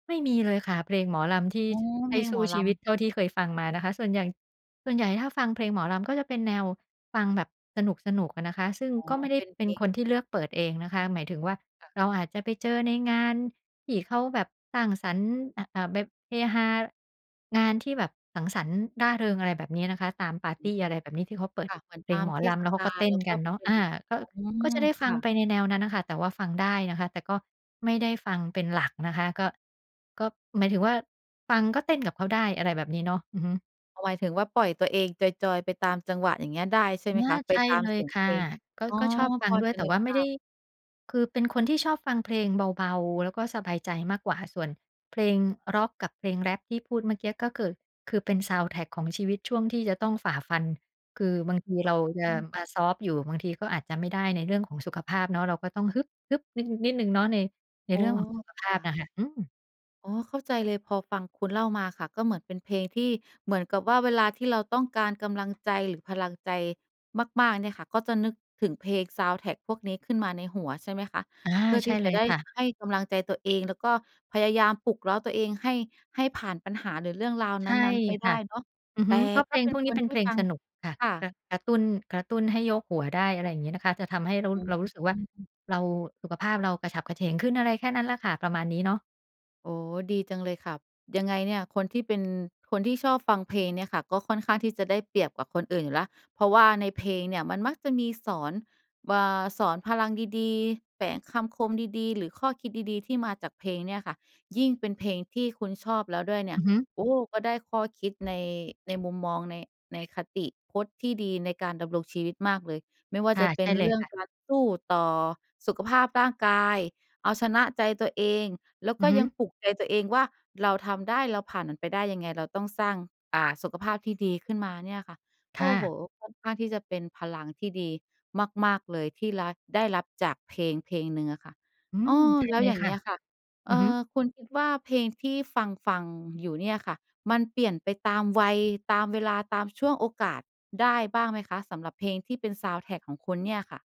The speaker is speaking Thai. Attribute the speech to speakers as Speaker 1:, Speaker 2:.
Speaker 1: ไม่มีเลยค่ะ เพลงหมอลำที่
Speaker 2: อ๋อ
Speaker 1: ใ
Speaker 2: เ
Speaker 1: ห
Speaker 2: พ
Speaker 1: ้
Speaker 2: ลง
Speaker 1: ส
Speaker 2: ห
Speaker 1: ู
Speaker 2: ม
Speaker 1: ้
Speaker 2: อ
Speaker 1: ช
Speaker 2: ล
Speaker 1: ีวิ
Speaker 2: ำ
Speaker 1: ตเท่าที่เคยฟังมานะคะ ส่วนใหญ่ ส่วนใหญ่ถ้าฟังเพลงหมอลำก็จะเป็นแนวฟังแบบสนุก ๆ อะนะคะ ซึ่ง
Speaker 2: อ๋อ
Speaker 1: ก็ไม่ได้
Speaker 2: เป็น
Speaker 1: เ
Speaker 2: เ
Speaker 1: ป
Speaker 2: พ
Speaker 1: ็น
Speaker 2: ล
Speaker 1: ค
Speaker 2: ง
Speaker 1: นที่เลือกเปิดเองนะคะ หมายถึงว่า
Speaker 2: ค่ะ
Speaker 1: เราอาจจะไปเจอในงานที่เขาแบบสร้างสรรค์ อ่า อ่า แบบเฮฮา งานที่แบบสังสรรค์ร่าเริง อะไรแบบเนี้ยนะคะ ตามปาร์ตี อะไรแบบนี้ ที่เขาเปิ
Speaker 2: ค
Speaker 1: ด
Speaker 2: ่ะ เหมือน
Speaker 1: เพ
Speaker 2: ต
Speaker 1: ล
Speaker 2: า
Speaker 1: ง
Speaker 2: ม
Speaker 1: หมอ
Speaker 2: เท
Speaker 1: ล
Speaker 2: ศ
Speaker 1: ำ แล้วเข
Speaker 2: ก
Speaker 1: า
Speaker 2: า
Speaker 1: ก็
Speaker 2: ล
Speaker 1: เต้
Speaker 2: แล
Speaker 1: น
Speaker 2: ้วก
Speaker 1: ก
Speaker 2: ็
Speaker 1: ันเนา
Speaker 2: เ
Speaker 1: ะ
Speaker 2: ป็
Speaker 1: อ
Speaker 2: น
Speaker 1: า ก็
Speaker 2: อื
Speaker 1: ก็
Speaker 2: ม
Speaker 1: จะได้ฟ
Speaker 2: ค
Speaker 1: ัง
Speaker 2: ่
Speaker 1: ไ
Speaker 2: ะ
Speaker 1: ปในแนวนั้นน่ะค่ะ แต่ว่าฟังได้นะคะ แต่ก็ไม่ได้ฟังเป็นหลักนะคะ ก็ ก็หมายถึงว่า ฟังก็เต้นกับเขาได้ อะไรแบบนี้เนาะ อือฮึ
Speaker 2: อ๋อ หมายถึงว่า ปล่อยตัวเองจอย ๆ ไปตามจังหวะอย่างเงี้ยได้ใช่
Speaker 1: อ
Speaker 2: ไ
Speaker 1: า
Speaker 2: หมคะ? ไป
Speaker 1: ใช่
Speaker 2: ตา
Speaker 1: เ
Speaker 2: ม
Speaker 1: ล
Speaker 2: เ
Speaker 1: ย
Speaker 2: สียง
Speaker 1: ค
Speaker 2: เพ
Speaker 1: ่ะ
Speaker 2: ลง
Speaker 1: ก็
Speaker 2: อ๋อ
Speaker 1: ก็ชอบฟั
Speaker 2: พ
Speaker 1: ง
Speaker 2: อ
Speaker 1: ด้ว
Speaker 2: จ
Speaker 1: ย
Speaker 2: ะ
Speaker 1: แต่
Speaker 2: นึ
Speaker 1: ว
Speaker 2: ก
Speaker 1: ่าไ
Speaker 2: ภ
Speaker 1: ม่ไ
Speaker 2: า
Speaker 1: ด้
Speaker 2: พ
Speaker 1: คือเป็นคนที่ชอบฟังเพลงเบา ๆ แล้วก็สบายใจมากกว่า ส่วนเพลงร็อกกับเพลงแรปที่พูดเมื่อกี้ก็เกิด คือเป็นซาวนด์แทร็กของชีวิตช่วงที่จะต้องฝ่าฟัน คือบางทีเราจะ
Speaker 2: อืม
Speaker 1: มาซอฟต์อยู่ บางทีก็อาจจะไม่ได้ในเรื่องของสุขภาพเนาะ เราก็ต้อง ฮึบ ๆ นิด นิดหนึ่งเนาะ ใน ใน
Speaker 2: อ๋
Speaker 1: เร
Speaker 2: อ
Speaker 1: ื่องของสุขภ
Speaker 2: ค
Speaker 1: า
Speaker 2: ่
Speaker 1: พน
Speaker 2: ะ
Speaker 1: ่ะค่ะ อืม
Speaker 2: อ๋อ เข้าใจเลยพอฟังคุณเล่ามาค่ะ ก็เหมือนเป็นเพลงที่ เหมือนกับว่าเวลาที่เราต้องการกำลังใจ หรือพลังใจมาก ๆ เนี่ยค่ะ ก็จะนึกถึงเพลงซาวนด์แทร็กพวกนี้ขึ้นมาในหัว ใช่ไหมคะ
Speaker 1: อา
Speaker 2: เพื่อ
Speaker 1: ใช
Speaker 2: ที
Speaker 1: ่
Speaker 2: ่จ
Speaker 1: เ
Speaker 2: ะ
Speaker 1: ลย
Speaker 2: ได้
Speaker 1: ค่ะ
Speaker 2: ให้กำลังใจตัวเอง แล้วก็พยายามปลุกเร้าตัวเองให้ ให้ผ่านปัญหา หรือเรื่องราว
Speaker 1: ใ
Speaker 2: น
Speaker 1: ช่
Speaker 2: ั้น ๆ ไปไ
Speaker 1: ค
Speaker 2: ด้
Speaker 1: ่ะ
Speaker 2: เนาะ
Speaker 1: อือ
Speaker 2: แต
Speaker 1: ฮึ
Speaker 2: ่
Speaker 1: เพราะเพ
Speaker 2: ก็
Speaker 1: ลง
Speaker 2: เป็
Speaker 1: พ
Speaker 2: น
Speaker 1: วกน
Speaker 2: ค
Speaker 1: ี้
Speaker 2: น
Speaker 1: เป็น
Speaker 2: ท
Speaker 1: เ
Speaker 2: ี
Speaker 1: พ
Speaker 2: ่
Speaker 1: ลง
Speaker 2: ฟัง
Speaker 1: สนุกค่ะ
Speaker 2: ค่
Speaker 1: ก
Speaker 2: ะ
Speaker 1: ระ กระตุ้น กระตุ้นให้โยกหัวได้ อะไรอย่างงี้นะคะ จะทำให้เรา
Speaker 2: อ๋
Speaker 1: เรารู้สึกว่า
Speaker 2: อ
Speaker 1: เรา สุขภาพเรากระฉับกระเฉงขึ้น อะไรแค่นั้นล่ะค่ะ ประมาณนี้เนาะ
Speaker 2: โอ้ ดีจังเลยค่ะ ยังไงเนี่ยคนที่เป็น คนที่ชอบฟังเพลงเนี่ยค่ะ ก็ค่อนข้างที่จะได้เปรียบกว่าคนอื่นอยู่แล้ว เพราะว่าในเพลงเนี่ยมันมักจะมีสอน อ่า สอนพลังดี ๆ แฝงคำคมดี ๆ หรือข้อคิดดี ๆ ที่มาจากเพลงเนี่ยค่ะ ยิ่งเป็นเพลงที่คุณชอบแล้วด้วยเนี่
Speaker 1: อ
Speaker 2: ย
Speaker 1: ือฮึ
Speaker 2: โอ้ ก็ได้ข้อคิดใน ในมุมมองใน ในคติพจน์ที่ดีในการดำรงชีวิตมากเลย ไม่ว่า
Speaker 1: ค่
Speaker 2: จ
Speaker 1: ะ
Speaker 2: ะเป
Speaker 1: ใช
Speaker 2: ็
Speaker 1: ่
Speaker 2: น
Speaker 1: เล
Speaker 2: เร
Speaker 1: ย
Speaker 2: ื่อ
Speaker 1: ค
Speaker 2: ง
Speaker 1: ่ะ
Speaker 2: การสู้ต่อสุขภาพร่างกาย เอาชนะใจตัวเอง แล้ว
Speaker 1: อื
Speaker 2: ก็
Speaker 1: อฮึ
Speaker 2: ยังปลุกใจตัวเองว่า เราทำได้ เราผ่านมันไปได้ยังไง เราต้องสร้าง อ่า สุขภาพที่ดีขึ้นมาเนี่ยค่ะ
Speaker 1: ค
Speaker 2: โอ
Speaker 1: ่
Speaker 2: ้โฮ
Speaker 1: ะ
Speaker 2: ค่อนข้างที่จะเป็นพลังที่ดีมาก ๆ เลยที่รัด ได้รับจากเพลง เพลงหนึ่งค่ะ
Speaker 1: อื
Speaker 2: อ้
Speaker 1: ม
Speaker 2: อ
Speaker 1: ใช่
Speaker 2: แล้ว
Speaker 1: เล
Speaker 2: อย
Speaker 1: ย
Speaker 2: ่าง
Speaker 1: ค
Speaker 2: เ
Speaker 1: ่
Speaker 2: ง
Speaker 1: ะ
Speaker 2: ี้ยค่ะ
Speaker 1: อ
Speaker 2: เอ
Speaker 1: ือ
Speaker 2: ่
Speaker 1: ฮึ
Speaker 2: อ คุณคิดว่า เพลงที่ฟัง ๆ อยู่เนี่ยค่ะ มันเปลี่ยนไปตามวัย ตามเวลา ตามช่วงโอกาสได้บ้างไหมคะ? สำหรับเพลงที่เป็นซาวนด์แทร็กของคุณเนี่ยค่ะ?